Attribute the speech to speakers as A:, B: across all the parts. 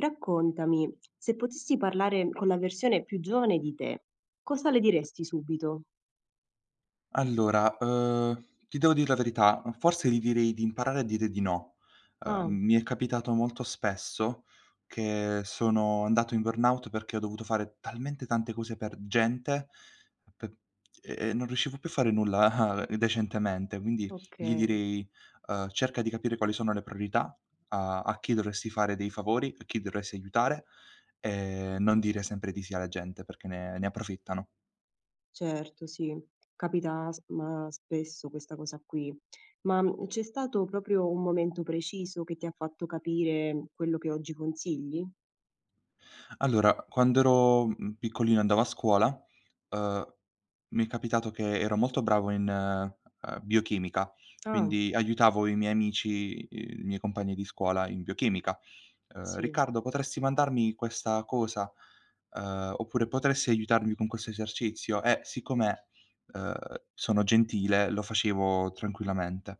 A: Raccontami, se potessi parlare con la versione più giovane di te, cosa le diresti subito?
B: Allora, uhm, ti devo dir la verità, forse gli direi di imparare a dire di no. Ehm,
A: Ah.
B: mi è capitato molto spesso che sono andato in burnout perché ho dovuto fare talmente tante cose per gente p ehm, non riuscivo più a fare nulla decentemente, quindi gli
A: Okay.
B: direi, uhm: "Cerca di capire quali sono le priorità, a a chi dovresti fare dei favori, a chi dovresti aiutare, e non dire sempre di sì alla gente perché ne ne approfittano."
A: Certo, sì. Capita sp ma spesso questa cosa qui. Ma, mhmm, c'è stato proprio un momento preciso che ti ha fatto capire, mhmm, quello che oggi consigli?
B: Allora, quando ero, mhmm, piccolino e andavo a scuola, uhm, mi è capitato che ero molto bravo in, ehm, biochimica,
A: Ah.
B: quindi aiutavo i miei amici, i i miei compagni di scuola in biochimica, uhm:
A: Sì.
B: "Riccardo, potresti mandarmi questa cosa?" Ehm, oppure: "Potresti aiutarmi con questo esercizio?" E siccome, uhm, sono gentile, lo facevo tranquillamente,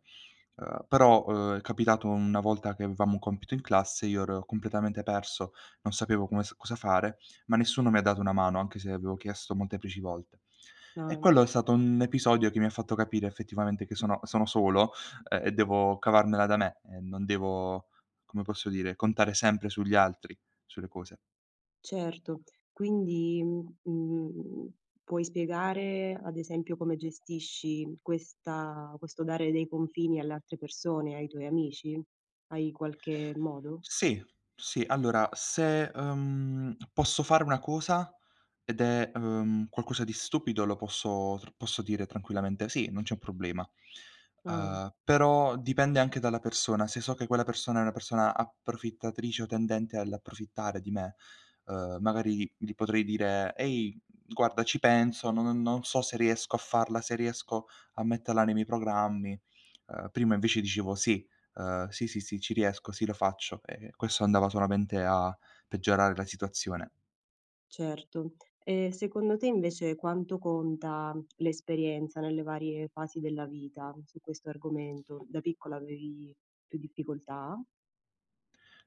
B: uhm, però, uhm, è capitato una volta che avevamo un compito in classe, io ero completamente perso, non sapevo come s cosa fare, ma nessuno mi ha dato una mano, anche se avevo chiesto molteplici volte. E
A: Ah.
B: quello è stato un episodio che mi ha fatto capire effettivamente che sono sono solo, uhm, e devo cavarmela da me e non devo, come posso dire? Contare sempre sugli altri, sulle cose.
A: Certo. Quindi, mhmm, mhmm, puoi spiegare, ad esempio, come gestisci questa questo dare dei confini alle altre persone, ai tuoi amici? Hai qualche modo?
B: Sì, sì. Allora se, uhm, posso fare una cosa ed è, uhm, qualcosa di stupido lo posso tr posso dire tranquillamente: "Sì, non c'è un problema."
A: Ah.
B: Uhm, però dipende anche dalla persona. Se so che quella persona è una persona approfittatrice o tendente all'approfittare di me, uhm, magari gli potrei dire: "Ehi, guarda, ci penso. Non non so se riesco a farla, se riesco a metterla nei miei programmi;" ehm, prima invece dicevo: "Sì, uhm, sì, sì, sì, ci riesco, sì, lo faccio," e questo andava solamente a peggiorare la situazione.
A: Certo. E secondo te invece quanto conta l'esperienza nelle varie fasi della vita su questo argomento? Da piccola avevi più difficoltà?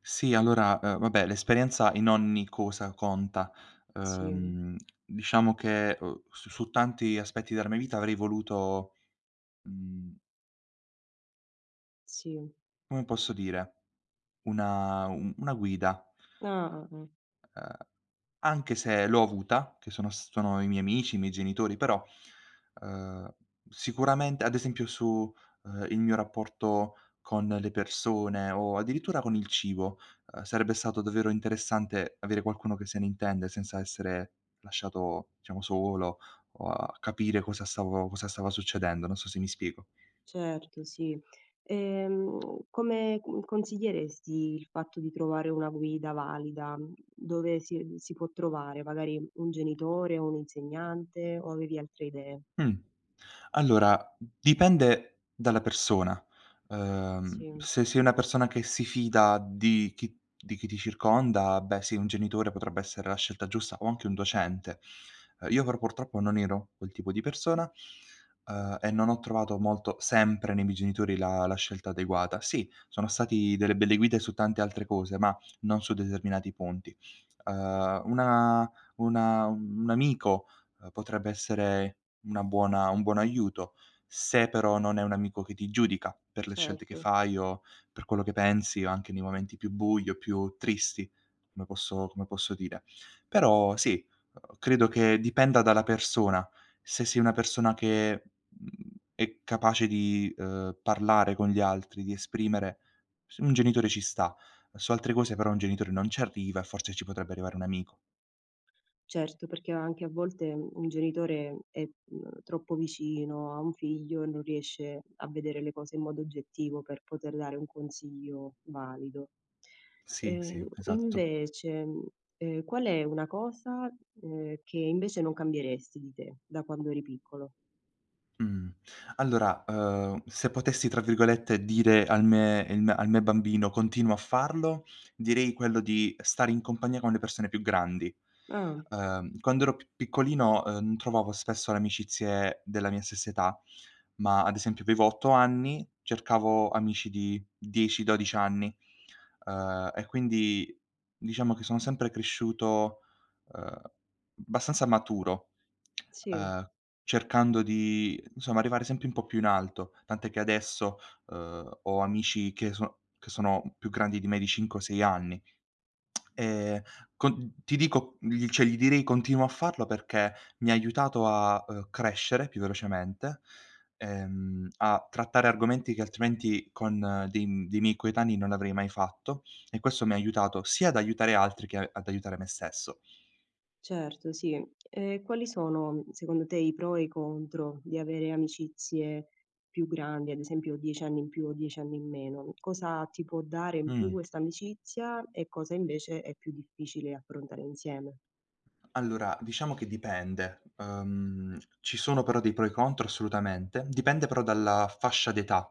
B: Sì allora, uhm, vabbè, l'esperienza in ogni cosa conta.
A: Sì.
B: Uhm, diciamo che, uhm, su su tanti aspetti della mia vita avrei voluto, mhmm
A: Sì.
B: come posso dire, una u una guida.
A: Ah, ah, ah.
B: Uhm, anche se l'ho avuta, che sono s sono i miei amici, i miei genitori, però, uhm, sicuramente ad esempio su, uhm, il mio rapporto con le persone, o addirittura con il cibo, uhm, sarebbe stato davvero interessante avere qualcuno che se ne intende, senza essere lasciato diciamo solo, o a capire cosa stavo cosa stava succedendo. Non so se mi spiego.
A: Certo, sì. Ehm, come c mhmm, consiglieresti il fatto di trovare una guida valida? Mhmm, dove si si può trovare? Magari un genitore, o un insegnante, o avevi altre idee?
B: Mh. Allora, dipende dalla persona. Uhm,
A: Sì.
B: se sei una persona che si fida di chi di chi ti circonda, beh, sì, un genitore potrebbe essere la scelta giusta, o anche un docente. Uhm, io però purtroppo non ero quel tipo di persona, uhm, e non ho trovato molto sempre nei miei genitori la la scelta adeguata. Sì, sono stati delle belle guide su tante altre cose ma non su determinati punti. Uhm, una una un un amico, uhm, potrebbe essere una buona un buon aiuto, se però non è un amico che ti giudica per le scelte che
A: Certo.
B: fai, o per quello che pensi, o anche nei momenti più bui o più tristi, come posso come posso dire. Però sì, uhm, credo che dipenda dalla persona, se sei una persona che, mhmm, è capace di, uhm, parlare con gli altri, di esprimere s un genitore ci sta, su altre cose però un genitore non ci arriva e forse ci potrebbe arrivare un amico.
A: Certo, perché anche a volte mhmm, un genitore è mhmm, è, mhmm, troppo vicino a un figlio e non riesce a vedere le cose in modo oggettivo per poter dare un consiglio valido.
B: Sì, sì,
A: E
B: esatto.
A: invece, mhmm, ehm, qual è una cosa, ehm, che invece non cambieresti di te da quando eri piccolo?
B: Mh. Allora, uhm, se potessi, tra virgolette, "dire al me ehm, al me bambino:" "Continuo a farlo," direi quello di stare in compagnia con le persone più grandi.
A: Ah.
B: Uhm, quando ero p piccolino, uhm, n trovavo spesso le amicizie della mia stessa età, ma ad esempio avevo 8 anni, cercavo amici di 10, 12 anni, uhm, e quindi, diciamo che sono sempre cresciuto, uhm, abbastanza maturo,
A: Sì.
B: ehm, cercando di, insomma, arrivare sempre un po' più in alto; tant'è che adesso, uhm, ho amici che sono che sono più grandi di me di 5 o 6 anni. Ehm, con ti dico gli cioè, gli direi: "Continuo a farlo," perché mi ha aiutato a, uhm, crescere più velocemente, ehm, a trattare argomenti che altrimenti con dei m dei miei coetanei non avrei mai fatto e questo mi ha aiutato sia ad aiutare altri che a ad aiutare me stesso.
A: Certo, sì. E quali sono secondo te i pro e i contro di avere amicizie più grandi? Ad esempio, 10 anni in più o 10 anni in meno. Cosa ti può dare in più
B: Mh.
A: questa amicizia, e cosa invece è più difficile affrontare insieme?
B: Allora, diciamo che dipende. Uhm, ci sono però dei pro e contro assolutamente, dipende però dalla fascia d'età.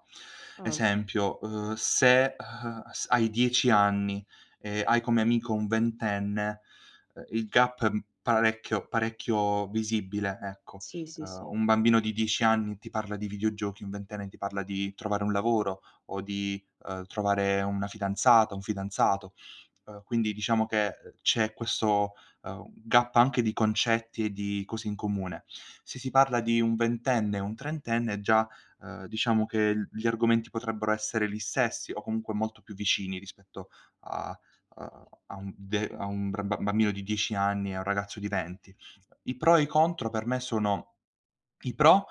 A: Ah.
B: Esempio, uhm, se, uhm, s hai 10 anni e hai come amico un ventenne, uhm, il gap è m parecchio parecchio visibile, ecco.
A: Sì, sì,
B: Uhm,
A: sì.
B: un bambino di 10 anni ti parla di videogiochi, un ventenne ti parla di trovare un lavoro, o di, uhm, trovare una fidanzata, un fidanzato, uhm, quindi diciamo che, uhm, c'è questo, uhm, gap anche di concetti e di cose in comune. Se si parla di un ventenne e un trentenne già, uhm, diciamo che l gli argomenti potrebbero essere li stessi, o comunque molto più vicini rispetto a a a un de a un br ba bambino di 10 anni e a un ragazzo di 20. I pro e i contro per me sono: i pro,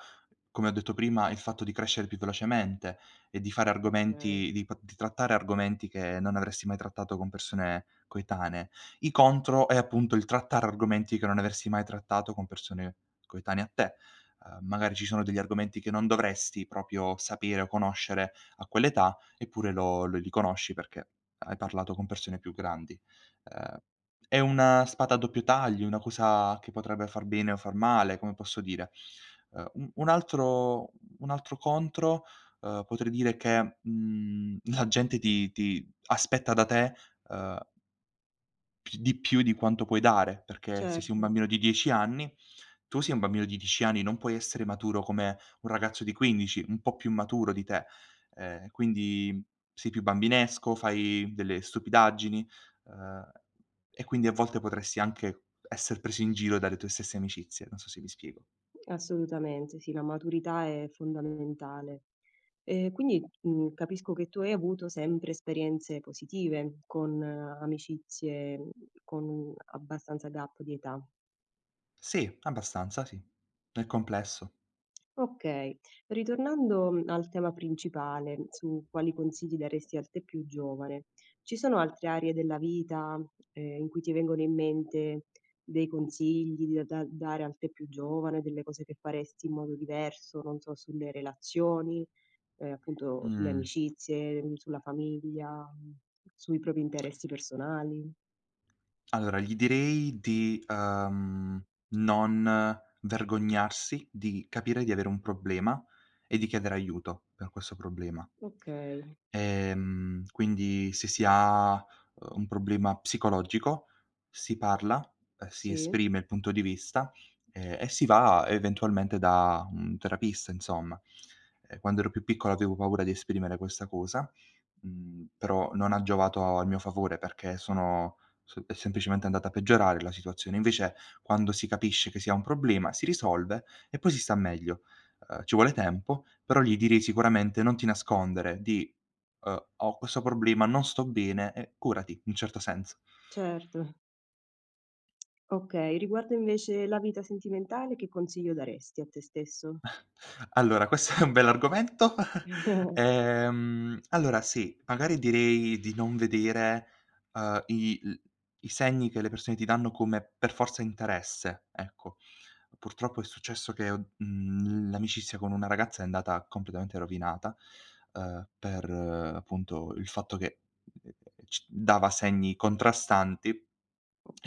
B: come ho detto prima, il fatto di crescere più velocemente e di fare
A: Okay.
B: argomenti di p di trattare argomenti che non avresti mai trattato con persone coetanee, i contro è appunto il trattare argomenti che non avresti mai trattato con persone coetanee a te. Uhm, magari ci sono degli argomenti che non dovresti proprio sapere o conoscere a quell'età, eppure lo l li conosci perché hai parlato con persone più grandi. Ehm, è una spada a doppio taglio, una cosa che potrebbe far bene o far male, come posso dire. Uhm, un un altro un altro contro, uhm, potrei dire che, mhmm, la gente ti ti aspetta da te, uhm Pi di più di quanto puoi dare, perché se sei un
A: Certo.
B: bambino di 10 anni, tu sei un bambino di 10 anni, non puoi essere maturo come un ragazzo di 15, un po' più maturo di te. Ehm, quindi sei più bambinesco, fai delle stupidaggini, uhm, e quindi a volte potresti anche esser preso in giro dalle tue stesse amicizie, non so se mi spiego.
A: Assolutamente, sì. La maturità è fondamentale. E quindi, mhmm, capisco che tu hai avuto sempre esperienze positive, con amicizie, con abbastanza gap di età.
B: Sì. Abbastanza, sì. Nel complesso.
A: Okay. Ritornando, mhmm, al tema principale, su quali consigli daresti al te più giovane, ci sono altre aree della vita, ehm, in cui ti vengono in mente dei consigli di a da dare al te più giovane, delle cose che faresti in modo diverso, non so, sulle relazioni, ehm, appunto sulle
B: Mh.
A: amicizie, mhmm, sulla famiglia, mhmm, sui propri interessi personali?
B: Allora gli direi di, ehm, non vergognarsi, di capire di avere un problema e di chiedere aiuto per questo problema.
A: Okay.
B: Ehm, quindi se si ha, uhm, un problema psicologico, si parla, ehm, si
A: Sì.
B: esprime il punto di vista, ehm, e si va eventualmente da un terapista insomma. Ehm, quando ero più piccolo avevo paura di esprimere questa cosa, mhmm, però non ha giovato a mio favore perché sono s è semplicemente andata a peggiorare la situazione. Invece quando si capisce che si ha un problema si risolve e poi si sta meglio. Ehm, ci vuole tempo, però gli direi sicuramente: "Non ti nascondere," dì: "Uhm, ho questo problema, non sto bene." Eh, curati, un certo senso.
A: Certo. Okay, riguardo invece la vita sentimentale, che consiglio daresti a te stesso?
B: Allora questo è un bell'argomento. Ehm, allora, sì, magari direi di non vedere, uhm, i l i segni che le persone ti danno come per forza interesse, ecco. Purtroppo è successo che o mhmm, l'amicizia con una ragazza è andata completamente rovinata, uhm, per, appunto, il fatto che, c dava segni contrastanti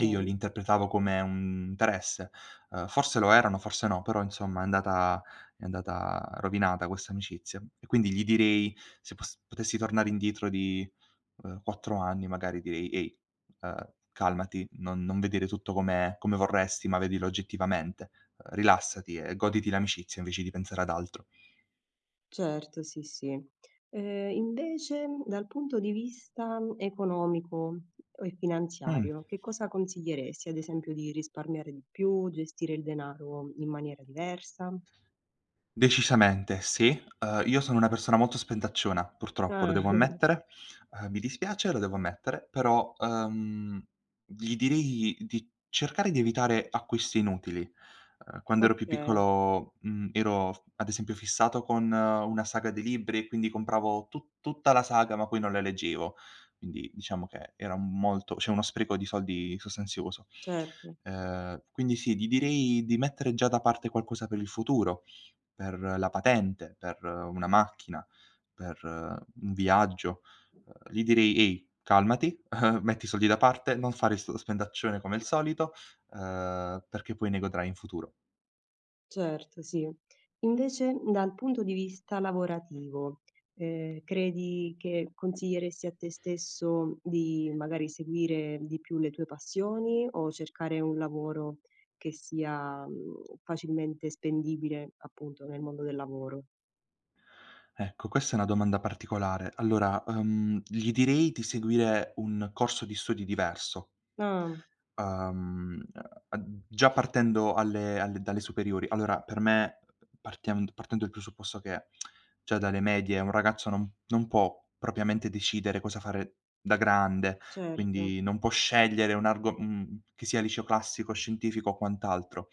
B: e io li interpretavo come un interesse, uhm, forse lo erano, forse no, però insomma è andata è andata rovinata questa amicizia e quindi gli direi se pos potessi tornare indietro di, uhm, 4 anni, magari direi: "Ehi, ehm, calmati, non non vedere tutto come come vorresti ma vedilo oggettivamente. Uhm, rilassati e goditi l'amicizia invece di pensare ad altro."
A: Certo. Sì, sì. E invece, dal punto di vista, mhmm, economico e
B: Mh.
A: finanziario, che cosa consiglieresti? Ad esempio, di risparmiare di più, gestire il denaro in maniera diversa?
B: Decisamente, sì. Uhm, io sono una persona molto spendacciona, purtroppo lo
A: Ah.
B: devo ammettere. Uhm, mi dispiace, lo devo ammettere. Però, uhm, gli direi di cercare di evitare acquisti inutili. Uhm, quando ero più
A: Okay.
B: piccolo, mhmm, ero f ad esempio fissato con una saga di libri e quindi compravo tu tutta la saga, ma poi non la leggevo. Quindi diciamo che era m molto cioè uno spreco di soldi sostanzioso.
A: Certo.
B: Ehm, quindi sì, gli direi di mettere già da parte qualcosa per il futuro, per la patente, per una macchina, per un viaggio; uhm, gli direi: "Ehi, calmati, metti i soldi da parte, non fare stu spendaccione come il solito, uhm, perché poi ne godrai in futuro."
A: Certo, sì. Invece, dal punto di vista lavorativo, ehm, credi che consiglieresti a te stesso di, magari, seguire di più le tue passioni o cercare un lavoro che sia, mhmm, facilmente spendibile, appunto, nel mondo del lavoro?
B: Ecco, questa è una domanda particolare. Allora, uhm, gli direi di seguire un corso di studi diverso.
A: Ah.
B: Uhm, uhm, uhm, già partendo alle alle dalle superiori, allora per me, partiam partendo il presupposto che già dalle medie un ragazzo non non può propriamente decidere cosa fare da grande,
A: Certo.
B: quindi non può scegliere un argo mhmm, che sia il liceo classico, scientifico o quant'altro.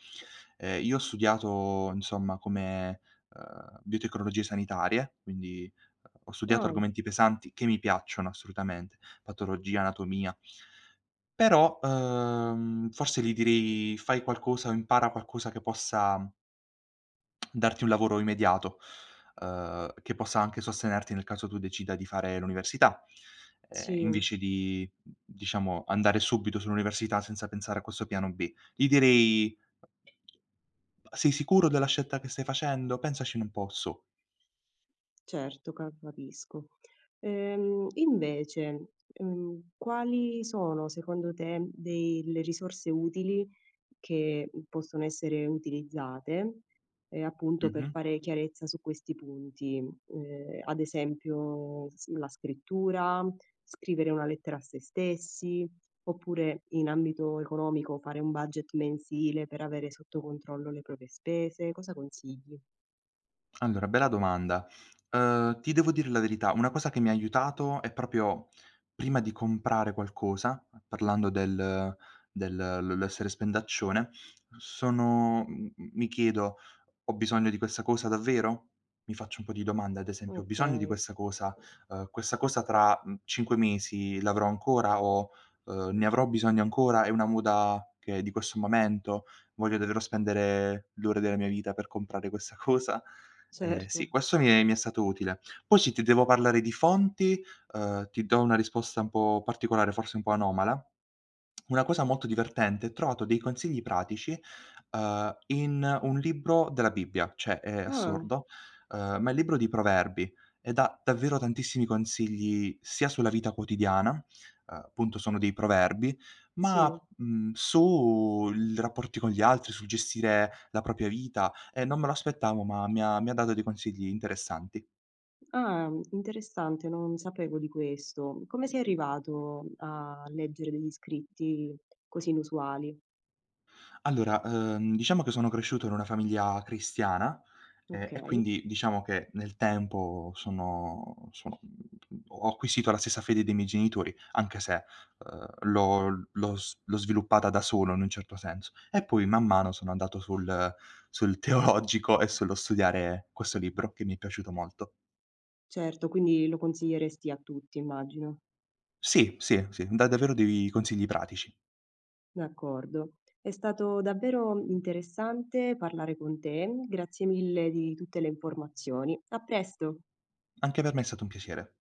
B: Ehm, io ho studiato insomma come, uhm, biotecnologie sanitarie, quindi, ho studiato
A: Ah.
B: argomenti pesanti che mi piacciono assolutamente, patologia, anatomia però, uhm, forse gli direi: "Fai qualcosa o impara qualcosa che possa" "darti un lavoro immediato, uhm, che possa anche sostenerti nel caso tu decida di fare l'università, ehm,
A: Sì.
B: invece di, mhmm, diciamo andare subito sull'università senza pensare a questo piano B." Gli direi: "Bah, sei sicuro della scelta che stai facendo? Pensaci un po' su."
A: Certo ca capisco. Ehm, invece, mhmm, quali sono secondo te dei le risorse utili che possono essere utilizzate, ehm, appunto per
B: Mh-mh.
A: fare chiarezza su questi punti, mhmm, ehm, ad esempio s la scrittura, scrivere una lettera a se stessi, oppure in ambito economico fare un budget mensile per avere sotto controllo le proprie spese. Cosa consigli?
B: Allora, bella domanda, uhm, ti devo dire la verità, una cosa che mi ha aiutato è proprio prima di comprare qualcosa parlando del del l l'essere spendaccione, sono m m mi chiedo: "Ho bisogno di questa cosa davvero?" Mi faccio un po' di domande, ad esempio: "Ho bisogno di
A: Okay.
B: questa cosa?" Uhm: "Questa cosa tra, mhmm, 5 mesi l'avrò ancora?" O ehm: "Ne avrò bisogno ancora? È una moda che è di questo momento? Voglio davvero spendere l'ore della mia vita per comprare questa cosa?" Ehm sì,
A: Certo.
B: questo mi è mi è stato utile. Poi se ti devo parlare di fonti, uhm, ti do una risposta un po' particolare, forse un po' anomala. Una cosa molto divertente, trovato dei consigli pratici, uhm, in un libro della Bibbia, cioè è
A: Ah!
B: assurdo, uhm, ma è il libro di proverbi e dà davvero tantissimi consigli sia sulla vita quotidiana, uhm, appunto sono dei proverbi, ma
A: Sì.
B: mhmm, su il rapporti con gli altri, sul gestire la propria vita, e non me lo aspettavo ma mi ha mi ha dato dei consigli interessanti.
A: Ah, interessante. Non sapevo di questo. Come sei arrivato a leggere degli scritti così inusuali?
B: Allora, uhm, diciamo che sono cresciuto in una famiglia cristiana, e e
A: Okay.
B: quindi diciamo che nel tempo sono sono mhmm, ho acquisito la stessa fede dei miei genitori, anche se, uhm, l'ho l'ho s l'ho sviluppata da solo in un certo senso. E poi man mano sono andato sul sul teologico e sullo studiare questo libro che mi è piaciuto molto.
A: Certo, quindi lo consiglieresti a tutti, immagino.
B: Sì, sì, sì. Dà davvero dei consigli pratici.
A: D'accordo. È stato davvero interessante parlare con te. Grazie mille di tutte le informazioni. A presto!
B: Anche per me è stato un piacere.